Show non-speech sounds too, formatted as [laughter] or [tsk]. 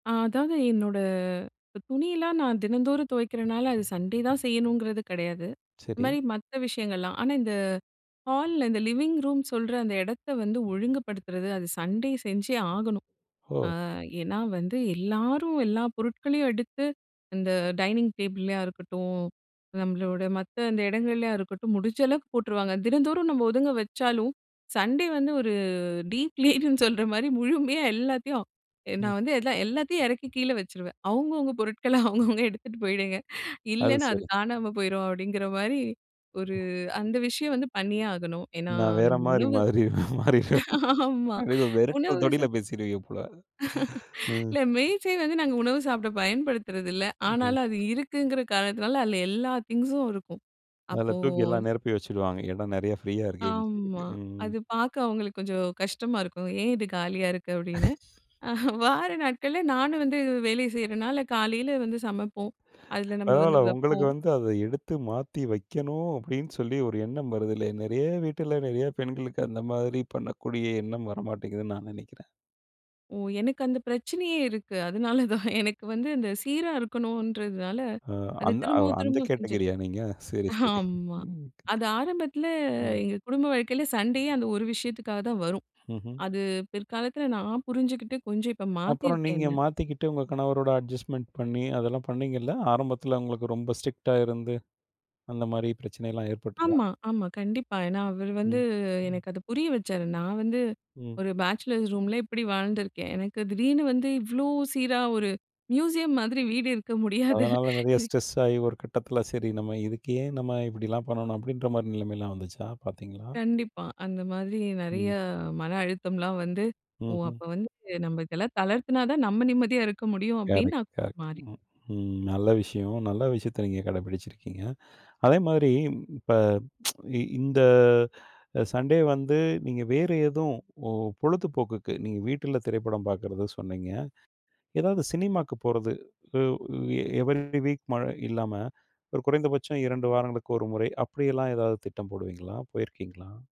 அ, அதாவது என்னோட துணியெல்லாம் நான் தினந்தோறும் துவைக்கிறனால, அது சண்டே தான் செய்யணுங்கிறது கெடையாது. இந்த சரி. மாரி மத்த விஷயங்கள்லாம் ஆனா, இந்த ஹால்ல இந்த லிவிங் ரூம் சொல்ற அந்த எடத்த வந்து ஒழுங்குபடுத்துறது அது சண்டே செஞ்சே ஆகணும். ஆ ஓ. ஏன்னா, வந்து எல்லாரும் எல்லா பொருட்களையும் எடுத்து இந்த டைனிங் டேபிள்ளையா இருக்கட்டும், நம்மளோட மத்த அந்த இடங்கள்லையா இருக்கட்டும் முடிஞ்ச அளவுக்கு போட்டுருவாங்க. தினந்தோறும் நம்ம ஒதுங்க வச்சாலும் சண்டே வந்து ஒரு டீப் லீட்னு சொல்ற மாரி முழுமையா எல்லாத்தையும் ம். நான் வந்து எல்லாத்தையும் இறக்கி கீழ வச்சுருவேன். அவுங்கவுங்க பொருட்கள அவுங்கவுங்க எடுத்துட்டு போயிடுங்க, அது இல்லைன்னா, அது சரி. காணாம போயிடும் அப்டிங்கிற மாரி ஒரு அந்த விஷயம் வந்து பண்ணியே ஆகணும். ஏன்னா நான் வேற நம்ம மாரி, உணவு மாறி மாறிருவேன். [chuckles] ஆமா, அப்படி வெரட்டற உணவு தோணியில சொல் பேசிடுவீங்க போல [laughs] ம். இல்ல மேஜை வந்து நாங்க உணவு சாப்பிட பயன்படுத்துறதில்ல. ம். ஆனாலும் அது இருக்குங்கிற காரணத்தினால அதில் எல்லா திங்க்ஸும் இருக்கும். அதுல அப்போ தூக்கி எல்லாம் நெறப்பி வச்சிடுவாங்க, என்னா நெறைய ப்ரீயா இருக்கேனு சொல்லிட்டு. ஆமா ம். அது பாக்க அவுங்களுக்கு கொஞ்சம் கஷ்டமா இருக்கும். ஏன் இது காலியா இருக்கு? அப்படின்னு. [chuckles] வார நாட்கள்ல நானும் வந்து வேலை செய்றனால காலையில வந்து சமைப்போம் அதுல நம்ம வந்து பரவால்ல உங்களுக்கு வெப்போம். வந்து அத எடுத்து மாத்தி வெக்கணும் அப்டின்னு சொல்லி ஒரு எண்ணம் வருதுல்லயா. நெறைய வீட்ல நிறைய பெண்களுக்கு அந்த மாதிரி பண்ணக்கூடிய எண்ணம் வரமாட்டேங்குதுன்னு நான் நெனைக்கிறேன். ஒ, எனக்கு அந்த பிரச்சனையே இருக்கு, அதனால தான் எனக்கு வந்து, அந்த சீரா இருக்கணும்ன்றதுனால ஆ, அது அந் அந்த திரும்பவும், அந்த திரும்பவும் செஞ்சிருவே கேட்டகிரியா நீங்க? சரி, சரி ஆமா ம். அது ஆரம்பத்தில எங்க குடும்ப வாழ்க்கையில சண்டையே அந்த ஒரு விஷயத்துக்காக தான் வரும். ம்ஹ்ம். அது பிற்காலத்தில நான் புரிஞ்சுகிட்டு கொஞ்சம் இப்ப அப்பறம் மாத்திருக்கேன் நீங்க என்ன. மாத்திக்கிட்டு உங்க கணவரோட அட்ஜஸ்ட்மென்ட் பண்ணி, அதெல்லாம் பண்ணீங்கல்ல ஆரம்பத்தில உங்களுக்கு ரொம்ப ஸ்ட்ரிக்ட்டா இருந்து அந்த மாதிரி பிரச்சனைலாம் ஏற்பட்டுதா? ஆமா, ஆமா, கண்டிப்பா. ஏன்னா அவரு வந்து ம், ம். எனக்கு அது புரிய வச்சாரு. நான் வந்து ம். ஒரு பேச்சலர்ஸ் ரூம்ல இப்டி வாழ்ந்துருக்கேன். எனக்கு திடீர்னு வந்து இவ்ளோ சீரா ஒரு மியூசியம் மாதிரி வீடு இருக்க முடியாது அதனால, நெறைய ஸ்ட்ரெஸ் ஆயி, ஒரு கட்டத்தில சரி நம்ம இதுக்கு ஏன் நம்ம இப்படிலாம் பண்ணணும், அப்படின்ற மாரி நிலைமைலாம் வந்துச்சா? பார்த்தீங்களா? கண்டிப்பா, அந்த மாதிரி ம். நெறையா மன அழுத்தம்லாம் வந்து ஓ, அப்ப ம்ஹ்ம். வந்து நம்ம இதெல்லாம் தளர்த்துனா தான் நம்ம நிம்மதியா இருக்க முடியும் அப்படின்னு கரெக்ட், நான் கொஞ்சம் கரெக்ட் மாறின ம் ம். நல்ல விஷயம். நல்ல விஷயத்த நீங்க கடைபிடிச்சிருக்கீங்க. அதே மாதிரி இப்ப [tsk] இந்த சண்டே வந்து நீங்க வேறு எதும் பொ பொழுதுபோக்குக்கு நீங்க வீட்ல திரைப்படம் பார்க்கிறதா சொன்னீங்க, ஏதாவது சினிமாவுக்கு போறது, உ எ எவரி டே வீக் மழை இல்லாம ஒரு குறைந்தபட்சம் 2 வாரங்களுக்கு 1 முறை அப்படியெல்லாம் ஏதாவது திட்டம் போடுவீங்களா? போயிருக்கீங்களா?